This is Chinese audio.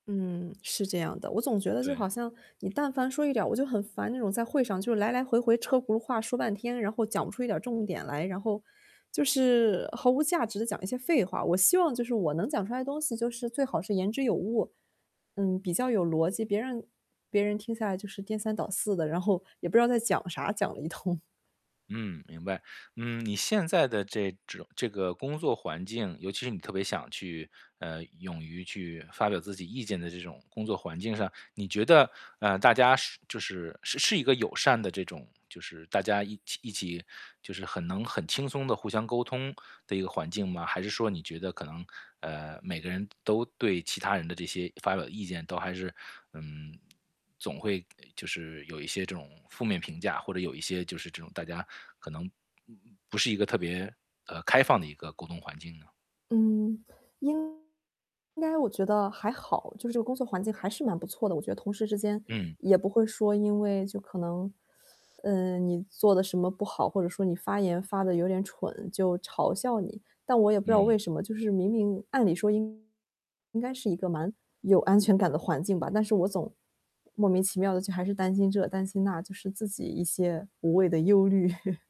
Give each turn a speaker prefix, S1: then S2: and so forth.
S1: 嗯，是这样的，我总觉得就
S2: 对。
S1: 好像你但凡说一点儿我就很烦，那种在会上就来来回回车轱辘话说半天，然后讲不出一点重点来，然后就是毫无价值地讲一些废话。我希望就是我能讲出来的东西就是最好是言之有物，嗯，比较有逻辑，别人别人听下来就是颠三倒四的，然后也不知道在讲啥，讲了一通。
S2: 嗯，明白，嗯，你现在的这种这个工作环境，尤其是你特别想去，呃，勇于去发表自己意见的这种工作环境上，你觉得，呃，大家是就是是一个友善的这种就是大家一一起就是很能很轻松地互相沟通的一个环境吗？还是说你觉得可能，呃，每个人都对其他人的这些发表意见，都还是，嗯，总会就是有一些这种负面评价，或者有一些就是这种大家可能不不是一个特别，呃，开放的一个沟通环境呢？
S1: 嗯。应该我觉得还好，就是这个工作环境还是蛮不错的，我觉得同事之间
S2: 嗯。
S1: 也不会说因为就可能，呃，你做得什么不好，或者说你发言发得有点蠢，就嘲笑你。但我也不知道为
S2: 嗯。
S1: 什么，就是明明按理说应应该是一个蛮有安全感的环境吧，但是我总莫名其妙地就还是担心这、担心那，就是自己一些无谓的忧虑。